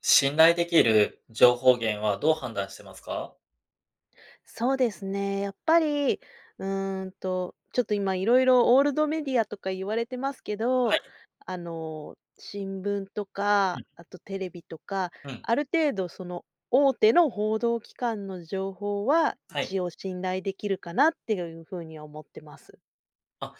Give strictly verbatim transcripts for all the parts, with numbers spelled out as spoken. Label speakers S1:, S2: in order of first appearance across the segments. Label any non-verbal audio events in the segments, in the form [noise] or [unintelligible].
S1: 信頼できる情報源はどう判断してますか？
S2: そうですね。やっぱり、うーんと、ちょっと今色々オールドメディアとか言われてますけど、
S1: はい。
S2: あの、新聞と
S1: う
S2: か、
S1: ん。
S2: あとテレビとか、
S1: うん。
S2: ある程度その大手の報道機関の情報は、
S1: は
S2: 一
S1: い。
S2: 応信頼できるかなってゆゆうふうに思ってます。
S1: あ、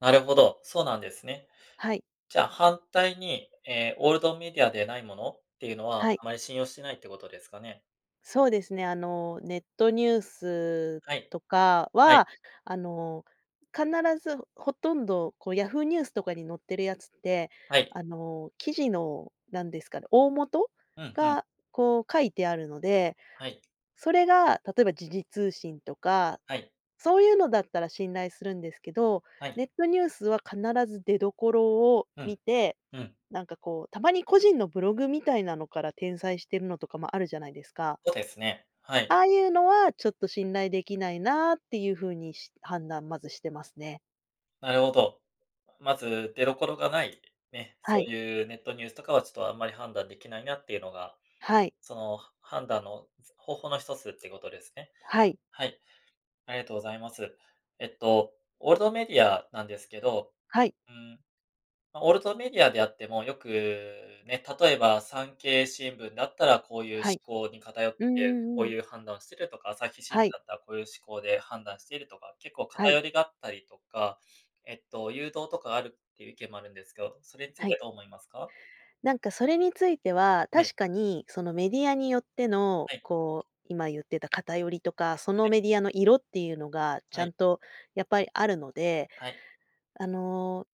S1: なるほど、そうなんですね。
S2: はい。
S1: じゃあ反対に、ええ、オールドメディアでないものっていうのは、
S2: はい。
S1: あまり信用してないってことですかね？
S2: そうですね、あの、ネットニュース
S1: はい。
S2: とか
S1: はい。
S2: は、あの、必ずほとんど、こう、ヤフーニュースとかに載ってるやつって
S1: はい。
S2: あの、記事の、なんですかで、大元
S1: うん、ふん。
S2: が、こう書いてあるので、
S1: はい。
S2: それが例えば時事通信とか
S1: はい。
S2: そういうのだったら信頼するんですけど、
S1: はい。
S2: ネットニュースは必ず出どころを
S1: う
S2: 見
S1: ん。
S2: て、
S1: うん。
S2: なんかこうたまに個人のブログみたいなのから転載してるのとかもあるじゃないですか
S1: そうですね、はい。
S2: ああいうのは、ちょっと信頼できないなあっていうふうにし判断、まずしてますね。
S1: なるほど。まず出どころがない、ね、そ
S2: はい。
S1: ういうネットニュースとかはちょっとあんまり判断できないなっていうのが、
S2: はい。
S1: そのは判断のつ方法の一つってことですね。
S2: はい。
S1: はい、ありがとうございます。えっと、オールドメディアなんですけど、
S2: はい。
S1: うーん、まあオールトメディアであっても、よくね、例えば産経新聞だったらこういう思
S2: はい。
S1: 考に偏っ
S2: うん
S1: て、
S2: う
S1: こ
S2: ん
S1: う
S2: うん。
S1: いう判断をしてるとか、朝日新聞
S2: はい。
S1: だったらこういう思考で判断しているとか、結構
S2: はい。
S1: 偏りがあったりとか、えっと、誘導とかがあるっていう意見もあるんですけど、それについ
S2: はい。
S1: てどう思いますか？
S2: なんかそれについては、
S1: はい。
S2: 確かにそのメディアによっての
S1: はい。
S2: こう、今言ってた偏りとか、そ
S1: は
S2: の
S1: い。
S2: メディアの色っていうのがち
S1: は
S2: ゃ
S1: い。
S2: んとやっぱりあるので、
S1: はい。
S2: あの、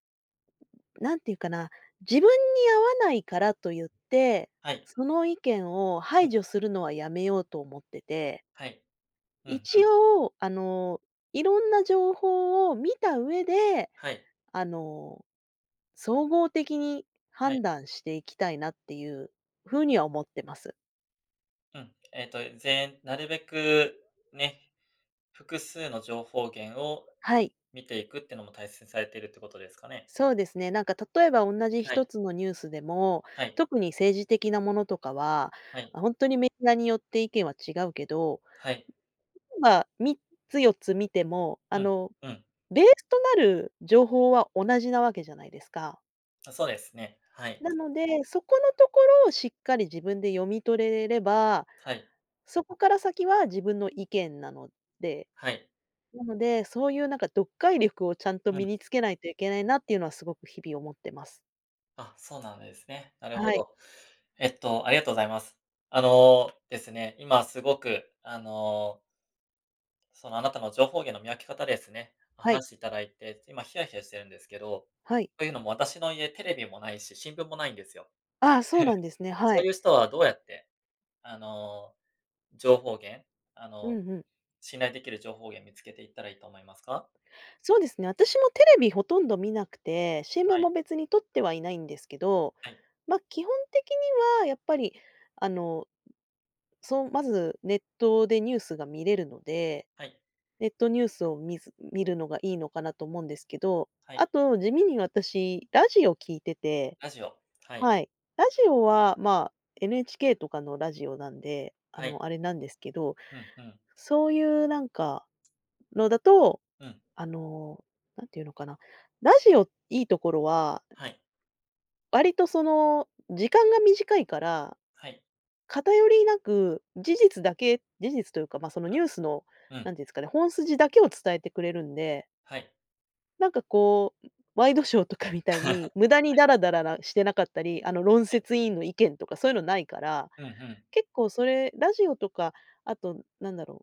S2: なんていうかな、自分に合わないからと言って、
S1: はい。
S2: その意見を
S1: う
S2: 排
S1: ん。
S2: 除するのはやめようと思ってて。
S1: はい。うんう
S2: 一
S1: ん。
S2: 応、あの、いろんな情報を見た上で、
S1: はい。
S2: あの、総合的に
S1: はい。
S2: 判断していきたいなっていうふうには思ってます。
S1: うん。えっと、ぜんなるべくね、複数の情報源を
S2: はい。
S1: 見ていくってのも、大切にされているってことですかね？
S2: そうですね。なんか例えば、おんなじひ
S1: は
S2: と
S1: い。
S2: つのニュースでも、
S1: はい。
S2: 特に政治的なものとかは、
S1: はい。
S2: ほんとにメディアによって意見は違うけど、
S1: はい。
S2: みっつよっつ見ても、あ
S1: うん、
S2: の、
S1: うん。
S2: ベースとなる情報は同じなわけじゃないですか。
S1: あ、そうですね。はい。
S2: なので、そこのところをしっかり自分で読み取れれば、
S1: はい。
S2: そこから先は自分の意見なので。
S1: はい。
S2: なので、そういうなんか、読解力をちゃんと
S1: う
S2: 身
S1: ん。
S2: につけないといけないなっていうのは、すごく日々思ってます。
S1: あ、そうなんですね。なる
S2: は
S1: ほ
S2: い。
S1: ど。えっと、ありがとうございます。あのですね、今すごくあのその、あなたの情報源の見分け方ですね。
S2: はい。
S1: 話していただいて、今ヒヤヒヤしてるんですけど。
S2: はい。
S1: というのも私の家、テレビもないし新聞もないんですよ。
S2: ああ、そうなん
S1: [chuckles]
S2: ですね。は
S1: そ
S2: い。
S1: ういう人はどうやって、あの、情報源あ
S2: うん
S1: の、
S2: うん。
S1: 信頼できる情報源、見つけていったらいいと思いますか？
S2: そうですね。私もテレビほとんど観なくて、新聞
S1: はい。
S2: も別に取ってはいないんですけど。
S1: はい。
S2: ま、基本的にはやっぱり、あの、そう、まずネットでニュースが見れるので。
S1: はい。
S2: ネットニュースを見ず見るのがいいのかなと思うんですけど。
S1: は
S2: あ
S1: い。
S2: と地味に私、ラジオ聴いてて
S1: ラジオ。はい。
S2: はい、ラジオはまあ、NHK とかのラジオなんで。あ
S1: はい。
S2: の、あれなんですけど。
S1: うんうん。
S2: そういうなんかのだと、
S1: うん。
S2: あの、何て言うのかな。ラジオ、良いところは
S1: はい。
S2: 割とその、時間が短いから、
S1: はい。
S2: 偏りなく事実だけ事実というか、まあ、その、
S1: は
S2: ニュ
S1: い、
S2: ースの、
S1: う
S2: な
S1: ん。
S2: んていうんですかね、本筋だけを伝えてくれるんで。
S1: はい。
S2: なんかこう、ん、ワイドショーとかみたい
S1: [laughs] はい。
S2: に、無駄にダラダララしてなかったり、あの、論
S1: はい。
S2: 説委員の意見とか、そういうのないから。
S1: うん、ふん。
S2: 結構それ、ラジオとか、あとなんだろう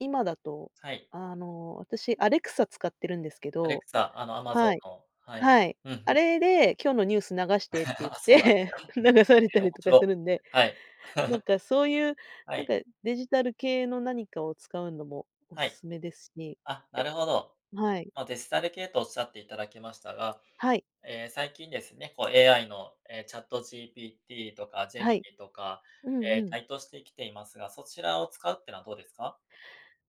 S2: 今だと
S1: はい。
S2: あの、私 Alexa 使ってるんですけど
S1: Alexa、あの Amazon
S2: はい、
S1: の。はい、
S2: はい。
S1: うん、ふ
S2: あ
S1: ん。
S2: れで今日のニュース流してって言っ
S1: [laughs] あ、そうなんです
S2: て、
S1: か。へ
S2: 流された
S1: え、お
S2: り
S1: も
S2: と
S1: し
S2: かす
S1: ろ
S2: るんで。
S1: はい。
S2: なん
S1: [laughs]
S2: か、そういう、
S1: は
S2: なん
S1: い。
S2: かデジタル系の何かを使うのも、お
S1: は
S2: す
S1: い。
S2: すめですし。
S1: あ、な
S2: やっ
S1: るほど。
S2: はい。
S1: ま、デジタル系とおっしゃっていただきましたが、
S2: はい。
S1: ええ、最近ですね、こう、AI の、ええ、ChatGPT とか
S2: は
S1: Gemini
S2: い、
S1: とか、
S2: うん
S1: え
S2: う
S1: え、
S2: ん。
S1: 台頭してきていますが、そちらを使うっていうのはどうですか？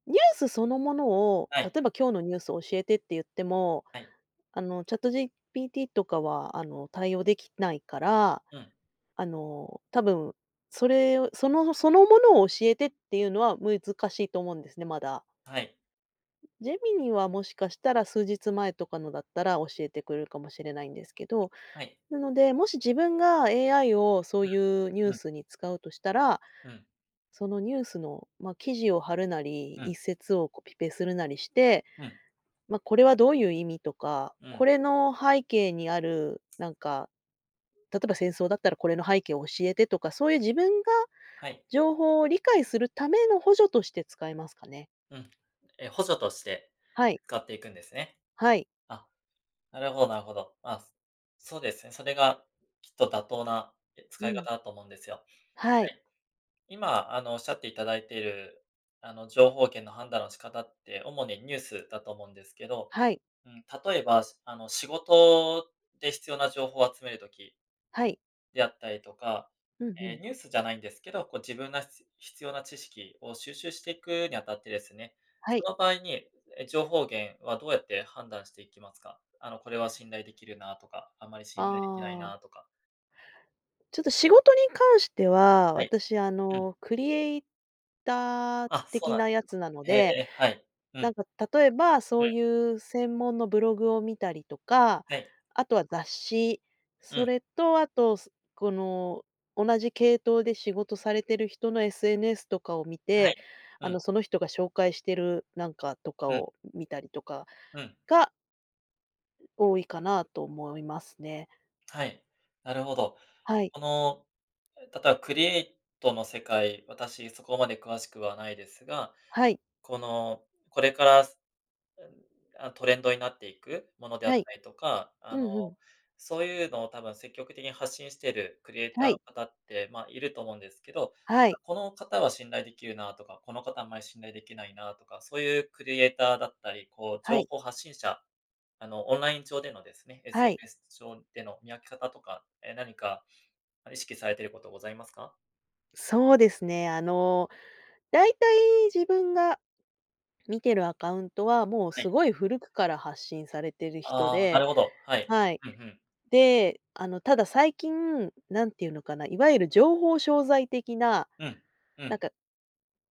S2: ニュースそのものを、
S1: は
S2: 例
S1: い。
S2: えば、今日のニュース教えてって言っても、
S1: はい。
S2: あの、ChatGPT とかは、あの、対応できないから。
S1: うん。
S2: あの、多分それを、そのそのものを教えてっていうのは、難しいと思うんですね、まだ。
S1: はい。
S2: Gemini はもしかしたら、数日前とかのだったら、教えてくれるかもしれないんですけど。
S1: はい。
S2: なので、もし自分が AI をそう
S1: ふ
S2: いうニュ
S1: ん。
S2: ー
S1: うん。
S2: スに使うとしたら、
S1: うん。
S2: そのニュースの、ま、記事を貼るなり、
S1: うん。
S2: 一節をコピペするなりして、
S1: うん。
S2: ま、これはどういう意味とか、
S1: う
S2: こ
S1: ん。
S2: れの背景にあるなんか、例えば戦争だったら、これの背景を教えてとか、そういう自分が
S1: はい。
S2: 情報を理解するための補助として使えますかね。
S1: うん。え、補助として
S2: はい。
S1: 使っていくんですね。
S2: はい。
S1: あ、なるほどなるほど。まあ、そうですね、それがきっと妥当な、え、
S2: う
S1: 使い
S2: ん。
S1: 方だと思うんですよ。
S2: は
S1: は
S2: い。
S1: い。今あの、おっしゃっていただいている、あの、情報源の判断の仕方って、主にニュースだと思うんですけど、
S2: はい。
S1: うん、例えばあの、仕事で必要な情報を集める時
S2: はい。
S1: であったりとか。
S2: うんう
S1: え、
S2: ん。
S1: ニュースじゃないんですけど、こう自分がす必要な知識を収集していくにあたってですね、
S2: は
S1: そ
S2: い。
S1: の場合に、え、情報源はどうやって判断していきますか？あの、これは信頼できるなとか、あんまり信頼できない
S2: ああ。
S1: なとか。
S2: ちょっと仕事に関しては、
S1: はい。
S2: 私あ
S1: うん。
S2: の、クリエイター
S1: あ、そう
S2: 的
S1: なんで
S2: なや
S1: す
S2: つ
S1: か。
S2: なの
S1: へ
S2: で、
S1: え、はい。う
S2: な
S1: ん。
S2: んか例えば、
S1: う
S2: そう
S1: ん。
S2: いう専門のブログを見たりとか、
S1: はい。
S2: あとは雑誌、
S1: う
S2: そ
S1: ん。
S2: れとあと、すこの同じ系統で仕事されてる人の SNS とかを見
S1: は
S2: て、
S1: い、
S2: あ
S1: う
S2: の、
S1: ん。
S2: その人が紹介してるなんかとか
S1: うん。
S2: を見たりとか。
S1: うん。
S2: か多いかなと思いますね。
S1: はい、なるほど。
S2: はい。
S1: この、え、たたクリエイトの世界、私そこまで詳しくはないですが、
S2: はい。
S1: この、これから、すうん、あ、トレンドになっていくものであっ
S2: はい。
S1: たりとか、
S2: う
S1: あの、
S2: んうん。
S1: そういうのをたば、積極的に発信してるクリエイタ
S2: は
S1: ーの
S2: い。
S1: 方って、まあ、いると思うんですけど、
S2: は
S1: じゃ、
S2: い。
S1: この方は信頼できるなとか、この方あんまり信頼できないなとか、そういうクリエイターだったり、こう
S2: は
S1: 情
S2: い
S1: 報発信者、あの、オンライン上でのですね、
S2: はい。
S1: SNS 上での見分け方とか、え、何か意識されてることございますか？
S2: そうですね、あの、大体自分が見てるアカウントはもう
S1: はい。
S2: すごい古くから発信されてる人
S1: ああ、な
S2: で
S1: るほど、はい。
S2: はい、
S1: ふんふん。
S2: で、あの、ただ最近何て言うのかな、いわゆる情報商材的な、
S1: うん、う
S2: なん
S1: ん。
S2: か、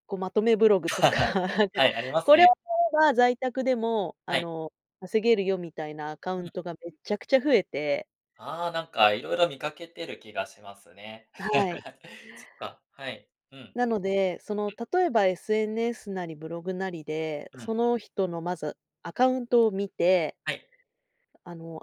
S2: こうまとめブログとか、な
S1: [laughs]
S2: んか、
S1: はい、あります
S2: これを
S1: ね。
S2: 買えば在宅でもあ
S1: はい。
S2: の、稼げるよみたいなアカウ
S1: うん。
S2: ントがめっちゃくちゃ増えて。
S1: ああ、なんか色々見かけてる気がしますね。
S2: はい。
S1: [laughs] そっか、はい、うん。うん。
S2: なので、その例えば SNS なりブログなりで、
S1: う
S2: そ
S1: ん。
S2: の人のまずアカウントを見て、
S1: はい。
S2: あの、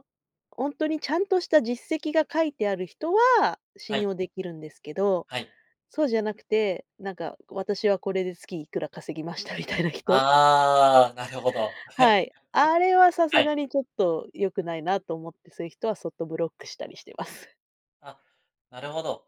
S2: おんとに、ちゃんとした実績が書いてある人は
S1: は
S2: 信
S1: い。
S2: 用できるんですけど、
S1: はい。
S2: そうじゃなくて、なんか私はこれで月いくら稼ぎましたみたいな人？
S1: ああ、なるほど。
S2: はい、あれ
S1: [laughs]
S2: はさ
S1: は
S2: す
S1: い。
S2: がにちょっと、よくないなと思って、すい人はそっとブロックしたりしてます。
S1: ああ、なるほど。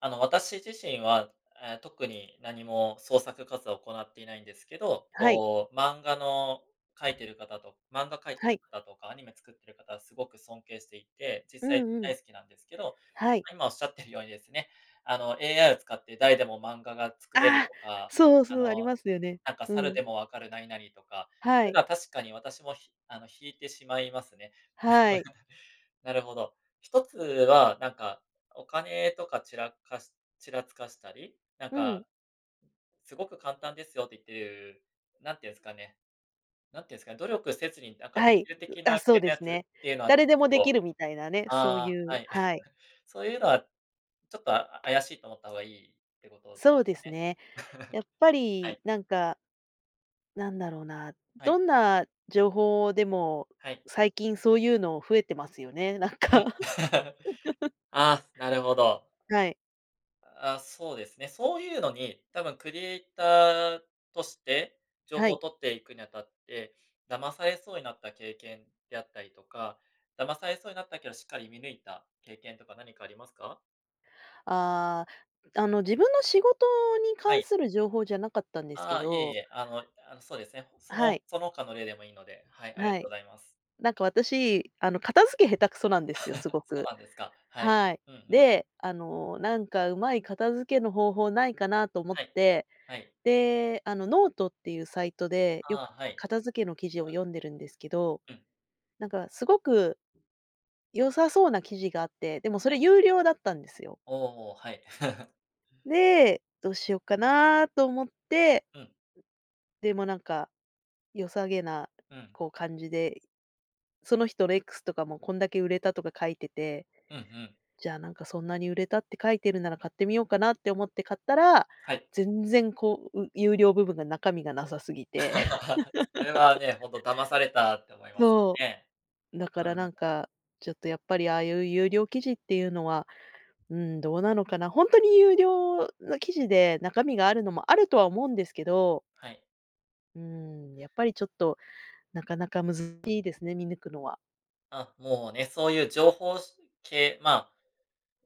S1: あの、私自身は、ええ、特に何も創作活動を行っていないんですけど。
S2: はい。
S1: こう、漫画の描いてる方と漫画描いて
S2: は
S1: る
S2: い。
S1: 方とか、アニメ作ってる方すごく尊敬していて、実
S2: う
S1: 際
S2: んうん。
S1: 大好きなんですけど。
S2: はい。
S1: 今、仰ってるようにですね、あの、AI を使って誰でも漫画が作れる
S2: ああ、
S1: とか、
S2: そう
S1: あ
S2: そう。あり
S1: の、
S2: ますよね。
S1: なんか、
S2: う
S1: サル
S2: ん。
S1: でも分かる何々とか、そ
S2: は
S1: ういう
S2: い。
S1: のは確かに私も、ひあの、引いてしまいますね。[chuckles]
S2: はい。
S1: なるほど。ひとつは、なんか、お金とかちらかしちらつかしたり、なん
S2: うん。
S1: かすごく簡単ですよって言ってる、なんていうんですかねなんていうんですかね、努力せずになんか
S2: は
S1: でき
S2: い。
S1: る
S2: う、
S1: 的
S2: あ、
S1: な
S2: そ
S1: 系
S2: うで
S1: のや
S2: す
S1: つ
S2: ね。
S1: っていうのは、っ
S2: 誰でもでき
S1: と
S2: るみたいなね。そうい
S1: ああ、
S2: う
S1: はい。[chuckles]
S2: はい。
S1: そういうのは、ちょっと、あ怪しいと思った方がいいってことで
S2: そ
S1: す
S2: うで
S1: か
S2: す
S1: ね。
S2: ね。
S1: [chuckles]
S2: やっぱ
S1: は
S2: り
S1: い。
S2: なんか、なんだろうな。
S1: は
S2: ど
S1: い。
S2: んな情報でも、
S1: はい。
S2: 最近そういうの増えてますよね。なん
S1: うん。
S2: か。[laughs]
S1: [chuckles] あ、なるほど。
S2: はい。
S1: ああ、そうですね。そういうのに、多分、クリエイターとして情
S2: は
S1: 報を
S2: い。
S1: 取っていくにあたって、騙されそうになった経験であったりとか、騙されそうになったけど、しっかり見抜いた経験とか何かありますか？
S2: ああ。あの、自分の仕事に
S1: は
S2: 関
S1: い。
S2: する情報じゃなかったんですけ
S1: ああ、いえい
S2: ど。
S1: え。あのあの、そうですね。そ
S2: は
S1: の、
S2: い。
S1: その他の例でもいいので。はい、ありが
S2: は
S1: とう
S2: い。
S1: ございます。
S2: なんか、私、あの、片付け下手くそなんですよ、す
S1: [laughs]
S2: ご
S1: そう
S2: く。
S1: なんですか、はい。
S2: はい。
S1: うんうん。
S2: で、あの、なんか、うまい片付けの方法ないかなと思っ
S1: はい。
S2: て。
S1: はい。
S2: で、あの、note っていうサイトでよ
S1: ああ、
S2: く
S1: はい。
S2: 片付けの記事
S1: う
S2: を
S1: ん。
S2: 読んでるんですけど、
S1: うん。
S2: なんかすごく、良さそうな記事があって、でもそれ
S1: はい。
S2: 有料だったんですよ。
S1: おお、はい。[laughs]
S2: で、「どうしようかな」と思って。
S1: うん。
S2: でもなんか、良さげな、
S1: うん。
S2: こう感じで、その人、レックスとかもこんだけ売れたとか書いてて。
S1: うんうん。
S2: 「じゃあ、なんか、そんなに売れたって書いてるなら、買ってみようかな」って思って買ったら、
S1: はい。
S2: 全然こう有料部分が中身がなさすぎて。
S1: [laughs] それは
S2: [laughs]
S1: ね、ほんと「騙された」って思いますよ
S2: そ
S1: ね。
S2: う。だか
S1: うー
S2: らな
S1: ん。
S2: んかちょっとやっぱり、ああいう有料記事っていうのは、うん、どうなのかな。ほんとに有料の記事で、中身があるのもあるとは思うんですけど。
S1: はい。
S2: うん、やっぱりちょっと、なかなかむずしいですね、見抜くのは。
S1: ああ、もうね、そういう情報しゅ系、まあ、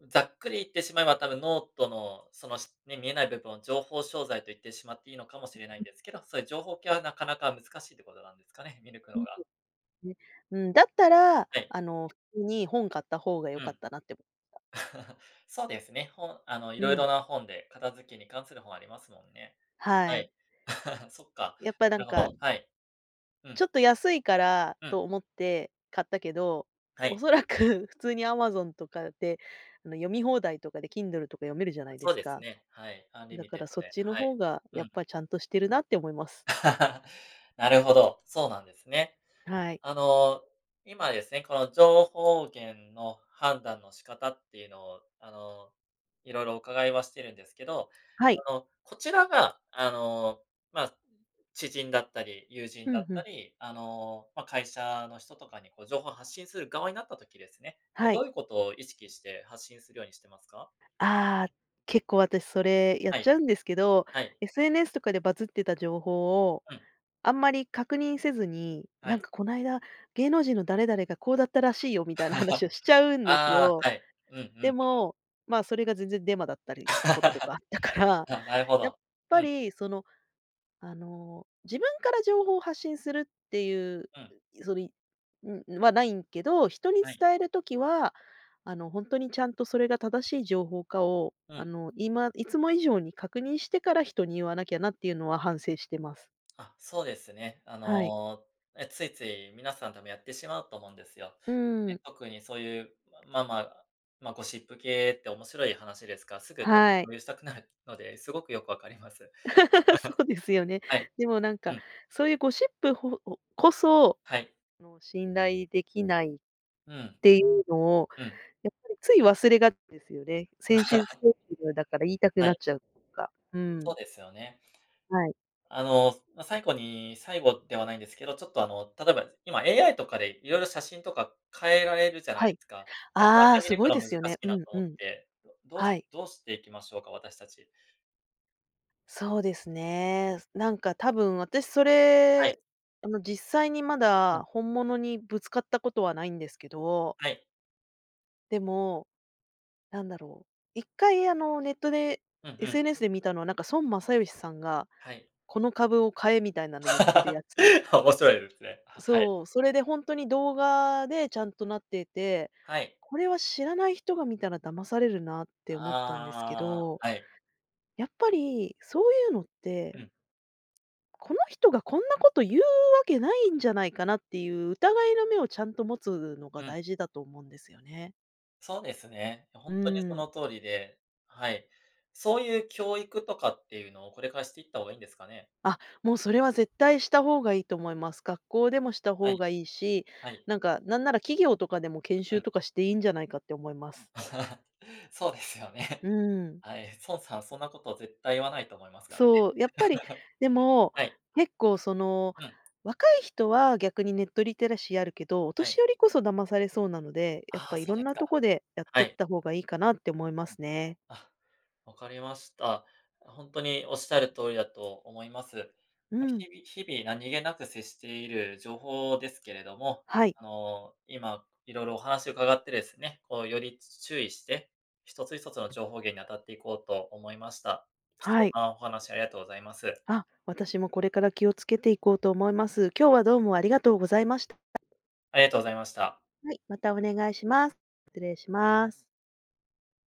S1: ざっくり言ってしまえば多分 note のそのしね、見えない部分を情報商材と言ってしまっていいのかもしれな
S2: ん、
S1: いん
S2: ん。
S1: ですけど、そういう情報系はなかなか難しいっていうことなんですかね、見抜くのが。
S2: [unintelligible] ね。うん、だったら、
S1: はい。
S2: あの普通に本買った方がよ
S1: う
S2: かっ
S1: ん。
S2: たなって思った。
S1: [laughs] そうですね、本、あの、
S2: う
S1: 色
S2: ん。
S1: 々な本で片付けに関する本ありますもんね。
S2: は
S1: は
S2: い。
S1: い。[laughs] そっか、
S2: やっぱ、なん
S1: なるほ
S2: か
S1: ど、はい。う
S2: ちょ
S1: ん。
S2: っと安いから
S1: うん。
S2: と思って買ったけど、
S1: はい。
S2: 恐らく普通に Amazon とかで、あの、読み放題とかで Kindle とか読めるじゃないで
S1: そう
S2: す
S1: です
S2: か。
S1: ね、はい、
S2: だ
S1: Unlimited
S2: からそっ
S1: で。
S2: ちの
S1: は
S2: 方
S1: い、
S2: が
S1: う
S2: やっ
S1: ん。
S2: ぱ、ちゃんとしてるなって思います。
S1: [laughs] なるほど、そうなんですね。
S2: はい。
S1: あの、今ですね、この情報源の判断の仕方っていうのを、あの、色々伺いはしてるんですけど、
S2: はい。
S1: あの、こちらが、あの、まあ、知人だったり、友人
S2: ふ
S1: だ
S2: ん
S1: っ
S2: ふ
S1: た
S2: ん。
S1: り、あの、まあ、会社の人とかにこう、情報を発信する側になった時ですね、ええ、
S2: は
S1: ど
S2: い。
S1: ういうことを意識して発信するようにしてますか？
S2: ああ。結構私それやっ
S1: は
S2: ちゃ
S1: い。
S2: うんですけど、
S1: はい。
S2: SNS とかでバズってた情報を
S1: うん。
S2: あんまり確認せずに、
S1: は
S2: 「なん
S1: い。
S2: か、こないだ芸能人の誰々がこうだったらしいよ」みたいな話を
S1: [laughs]
S2: しちゃうんです
S1: ああ、
S2: よ。
S1: はい。うんうんう
S2: で
S1: ん。
S2: も、まあ、それが全然デマだったりしたことと
S1: [laughs]
S2: かあったから、
S1: あ、なるほ
S2: やっ
S1: ど、
S2: ぱ
S1: うん。
S2: りその、あの、自分から情報を発信するっていう、
S1: うん。
S2: そりはないけど、人に
S1: はい。
S2: 伝える時はあのほんとに、ちゃんとそれが正しい情報かを、
S1: う
S2: あ
S1: ん。
S2: の今いつも以上に確認してから人に言わなきゃなっていうのは反省してます。
S1: あ、そうですね。あ
S2: はい。
S1: の、え、ついつい皆さんでもやってしまうと思うんですよ。
S2: うんうんう
S1: ええ、
S2: ん。
S1: 特にそういう、まあまあ、まあゴシップ系って面白い話ですから、すぐ多分、
S2: はい。
S1: 共有したくなるので、すごくよくわかります。[laughs]
S2: [laughs] そうですよね。
S1: はい。
S2: でもなん
S1: う
S2: か、
S1: ん。
S2: そういうゴシップほお、こそ、
S1: はい。
S2: その信頼できないっ
S1: うん。
S2: ていうのを
S1: うん。
S2: やっぱり、つい忘れがちですよね。せんしんふ
S1: [laughs]
S2: [unintelligible] だから言いたく
S1: は
S2: なっ
S1: い、
S2: ちゃうとか。う
S1: そう
S2: ん。
S1: ですよね。
S2: はい。
S1: あの、まあ最後に最後ではないんですけど、ちょっとあの、例えば今 AI とかで色々写真とか、変えられるじゃない
S2: は
S1: で
S2: い。
S1: すか。なかな
S2: ああ、
S1: か、見
S2: す
S1: 抜
S2: ご
S1: く
S2: い
S1: の
S2: で
S1: 難
S2: すよね。
S1: しい
S2: う
S1: な
S2: ん、
S1: と
S2: う
S1: 思っ
S2: ん。
S1: て。どうし
S2: はい。
S1: どうしていきましょうか、私たち？
S2: そうですね。何か、多分私そ
S1: は
S2: れ、
S1: い。
S2: あの実際にま
S1: う
S2: だ、
S1: ん。
S2: 本物にぶつかった事はないんですけど
S1: はい。
S2: でも、何だろう。いっかい、あの、ネットで
S1: うんうん。
S2: SNS で見たのは、なんか、孫正義さんが、
S1: はい。
S2: この株を買えみたいなの、ゆってるや
S1: [laughs]
S2: つ。
S1: 面白いですね。ははい。
S2: そう。それでほんとに、動画でちゃんとなっていて。
S1: はい。
S2: これは知らない人が見たら、騙されるなって
S1: あ
S2: 思ったんですけ
S1: ああ
S2: ど。
S1: あ。はい。
S2: やっぱり、そういうのっ
S1: う
S2: て
S1: ん。
S2: この人がこんな事言うわけないんじゃないかなっていう、疑いの目をちゃんと持つのが
S1: うん。
S2: 大事だと思うんですよね。
S1: そうですね。
S2: う
S1: ほんとにそ
S2: ーん。
S1: の通りで。はい。そういう教育とかっていうのを、これからしていった方がいいんですかね？
S2: あ、もう、それは絶対した方がいいと思います。学校でもした
S1: は
S2: 方
S1: い。
S2: がいいし、
S1: はい。
S2: なんか、何なら企業とかでも、研
S1: う
S2: 修
S1: ん。
S2: とかしていいんじゃないかって思います。
S1: [chuckles] そうですよ
S2: う
S1: ね。
S2: ーん。
S1: はい。孫さん、そんな事絶対言わないと思いますからね。
S2: そう。やっぱり、
S1: [laughs]
S2: でも、
S1: はい。
S2: 結構、その
S1: うん。
S2: 若い人は逆にネットリテラシーあるけど、お
S1: は
S2: 年
S1: い。
S2: 寄りこそ騙されそうなので。やっ
S1: あ
S2: ぱ
S1: あ、そ
S2: 色
S1: う
S2: ん
S1: です
S2: な
S1: か。
S2: とこで、やっ
S1: は
S2: てっ
S1: い。
S2: た方がいいかなって思いますね。
S1: あ、分かりました。ほんとにおっしゃる通りだと思います。
S2: う
S1: まあ。
S2: ん。
S1: 日々日々、何気なく接している情報ですけれども、
S2: はい
S1: あの、今、色々お話を伺ってですね、こう、より注意して、一つ一つの情報源に当たっていこうと思いました。貴
S2: は
S1: 重
S2: い。
S1: なお話、ありがとうございます。
S2: あ、私もこれから、気を付けていこうと思います。今日はどうもありがとうございました。
S1: ありがとうございました。
S2: はい。またお願いします。失礼します。